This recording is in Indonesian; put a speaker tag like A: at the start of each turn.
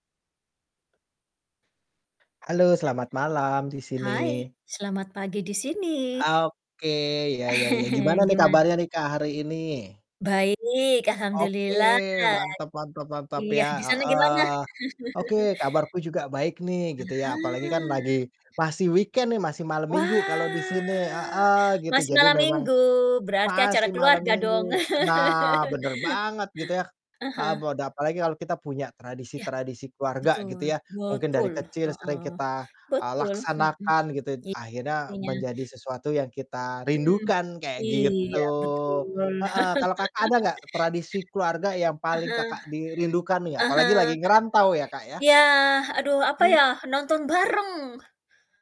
A: Halo, selamat malam di sini.
B: Hai, selamat pagi di sini.
A: Oke, iya iya iya, gimana nih
B: Gimana?
A: kabarnya nih Kak, hari ini?
B: Baik,
A: Oke,
B: alhamdulillah,
A: mantap mantap mantap,
B: iya,
A: ya
B: disana gimana?
A: heeh. Oke, kabarku juga baik nih
B: Ah
A: gitu ya, apalagi kan
B: hah.
A: lagi masih weekend nih, masih malam minggu kalau
B: Wah,
A: disini heeh, gitu.
B: masih
A: Jadi
B: malam
A: memang
B: minggu, berarti acara
A: masih malam
B: keluarga dong?
A: minggu nah, bener banget gitu ya
B: Ah
A: heeh,
B: hah.
A: boda apalagi kalau kita punya
B: Iya,
A: tradisi-tradisi keluarga gitu
B: betul,
A: ya, mungkin dari
B: betul
A: kecil
B: heeh,
A: sering kita, eee,
B: betul, mhm,
A: laksanakan gitu t
B: iya
A: akhirnya
B: artinya
A: menjadi sesuatu yang kita
B: Hmm,
A: rindukan, kayak
B: iya,
A: gitu.
B: betul.
A: Heeh, kalau Kakak, ada nggak tradisi keluarga yang
B: Ah
A: paling
B: hah,
A: Kakak di rindukan nih,
B: ah
A: apalagi
B: hah.
A: lagi ngerantau ya, Kak, ya?
B: Iya, aduh, apa ya,
A: [unintelligible]
B: nonton bareng.